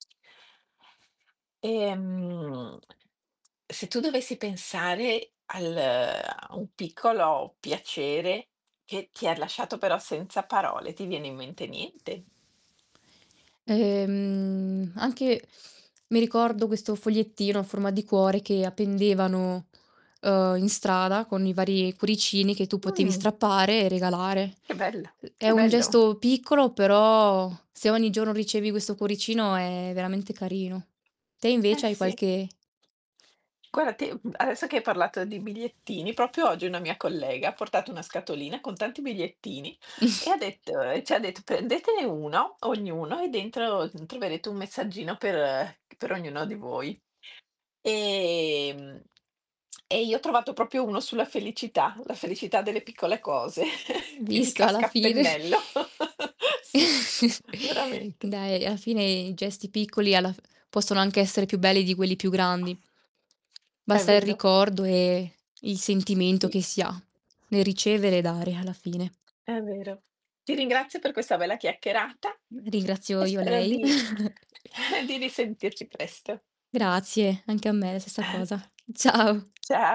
Ostia. Ehm, se tu dovessi pensare al ehm, a un piccolo piacere che ti ha lasciato però senza parole, ti viene in mente niente? Ehm, anche mi ricordo questo fogliettino a forma di cuore che appendevano, ehm, in strada con i vari cuoricini che tu potevi Mh. strappare e regalare. Che bel Ehm, è che un bello. gesto piccolo però se ogni giorno ricevi questo cuoricino è veramente carino. Te Eh, invece hai sì. qualche Guarda te, mhmm, adesso che hai parlato di bigliettini, proprio oggi una mia collega ha portato una scatolina con tanti bigliettini e ha detto ehm, c'ha detto: "Prendetene 1 ognuno e dentro t troverete un messaggino per ehm, c per ognuno di voi". Ehm, e io ho trovato proprio uno sulla felicità, la felicità delle piccole cose. Mh, Quindi visto alla casca a fine pennello. Sì, veramente. Dai alla fine i gesti piccoli alla f possono anche essere più belli di quelli più grandi. È Basta il vero. ricordo e il sentimento Sì. che si ha nel ricevere e dare alla fine. È vero. Ti ringrazio per questa bella chiacchierata Mh, ringrazio e io spero lei. di di risentirci presto. Grazie, anche a me la stessa cosa. Ciao. Cia